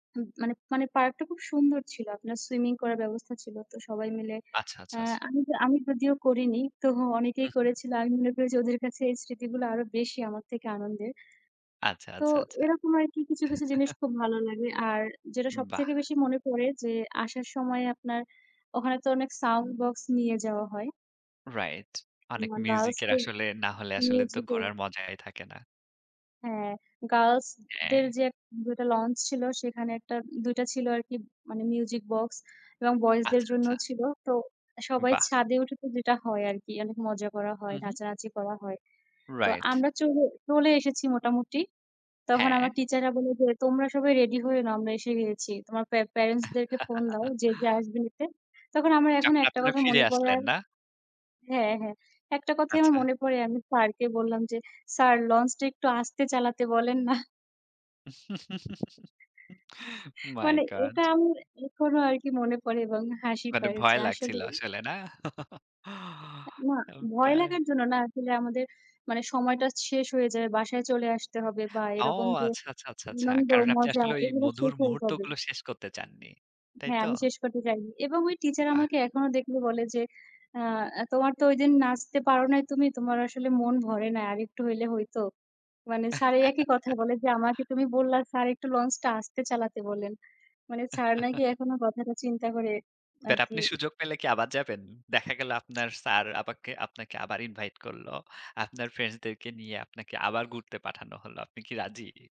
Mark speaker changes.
Speaker 1: হুহ, মানে মানে পার্কটা খুব সুন্দর ছিল। আপনার swimming করার ব্যবস্থা ছিল তো সবাই মিলে।
Speaker 2: আচ্ছা, আচ্ছা,
Speaker 1: অ্যাঁ
Speaker 2: আচ্ছা।
Speaker 1: আমি আমি যদিও করিনি, তবুও অনেকেই
Speaker 2: উহুম।
Speaker 1: করেছিল। আমি মনে করি যে, ওদের কাছে এই স্মৃতিগুলা আরও বেশি আমার থেকে আনন্দের।
Speaker 2: আচ্ছা,
Speaker 1: তো
Speaker 2: আচ্ছা, আচ্ছা।
Speaker 1: এরকম আরকি কিছু, কিছু জিনিস খুব ভালো লাগে। আর যেটা সব
Speaker 2: বাহ!
Speaker 1: থেকে বেশি মনে পড়ে যে, আসার সময়ে আপনার ওখানে তো অনেক sound box নিয়ে যাওয়া হয়।
Speaker 2: Right. অনেক
Speaker 1: মানে girls
Speaker 2: music-এর
Speaker 1: দের
Speaker 2: আসলে না হলে আসলে তো
Speaker 1: musical
Speaker 2: ঘোরার মজাই থাকে না।
Speaker 1: হ্যাঁ, girls দের
Speaker 2: হ্যাঁ।
Speaker 1: যে ১ ২ টা লঞ্চ ছিল, সেখানে ১ টা ২ টা ছিল আর কি, মানে music box. এবং boys দের
Speaker 2: আচ্ছা, আচ্ছা।
Speaker 1: জন্যও ছিল। তো সবাই
Speaker 2: বাহ!
Speaker 1: ছাদে উঠে, তো যেটা হয় আর কি, অনেক মজা করা হয়,
Speaker 2: উঁহু।
Speaker 1: নাচানাচি করা হয়। তো
Speaker 2: Right.
Speaker 1: আমরা চলে চলে এসেছি মোটামুটি। তখন আমার
Speaker 2: হ্যাঁ।
Speaker 1: teacher রা বলে যে, "তোমরা সবাই ready হয়ে নাও। আমরা এসে গেছি। তোমার পে parents দেরকে phone দাও যে, যে আসবে নিতে।" তখন আমার এখনও
Speaker 2: যখন
Speaker 1: একটা
Speaker 2: আপনারা
Speaker 1: কথা
Speaker 2: ফিরে
Speaker 1: মনে পড়ে
Speaker 2: আসলেন,
Speaker 1: আর
Speaker 2: না?
Speaker 1: হ্যাঁ, হ্যাঁ, একটা কথাই আমার
Speaker 2: আচ্ছা।
Speaker 1: মনে পড়ে। আমি স্যারকে বললাম যে, "স্যার, লঞ্চটা একটু আস্তে চালাতে বলেন না।"
Speaker 2: My
Speaker 1: মানে, এটা
Speaker 2: God!
Speaker 1: আমার এখনও আরকি মনে পড়ে এবং হাসি
Speaker 2: মানে
Speaker 1: পায় যে
Speaker 2: ভয় লাগছিল
Speaker 1: আসলেই
Speaker 2: আসলে, না?
Speaker 1: এ না,
Speaker 2: ওকে।
Speaker 1: ভয় লাগার জন্য না, আসলে আমাদের মানে, সময়টা শেষ হয়ে যায়। বাসায় চলে আসতে হবে বা
Speaker 2: ও
Speaker 1: এরকম যে,
Speaker 2: আচ্ছা, আচ্ছা, আচ্ছা, আচ্ছা।
Speaker 1: আনন্দ
Speaker 2: কারণ আপনি
Speaker 1: মজা
Speaker 2: আসলে ওই
Speaker 1: এগুলা
Speaker 2: মধুর
Speaker 1: শেষ হয়ে যাবে।
Speaker 2: মুহূর্তগুলো শেষ করতে চাননি। তাই
Speaker 1: হ্যাঁ,
Speaker 2: তো?
Speaker 1: আমি শেষ করতে চাইনি। এবং ওই teacher
Speaker 2: বাহ!
Speaker 1: আমাকে এখনও দেখলে বলে যে, আ "তোমার তো ওইদিন নাচতে পারো নাই, তুমি। তোমার আসলে মন ভরে নাই; আরেকটু হইলে হইতো।" মানে, স্যার এই একই কথা বলে যে, "আমাকে তুমি বললা, স্যার, একটু লঞ্চটা আস্তে চালাতে বলেন।" মানে, স্যার নাকি এখনও কথাটা চিন্তা করে
Speaker 2: বাট, আপনি
Speaker 1: আরকি
Speaker 2: সুযোগ পেলে কি আবার যাবেন? দেখা গেল আপনার স্যার আবাকে আপনাকে আবার invite করল। আপনার friends-দেরকে নিয়ে আপনাকে আবার ঘুরতে পাঠানো হল। আপনি কি রাজি?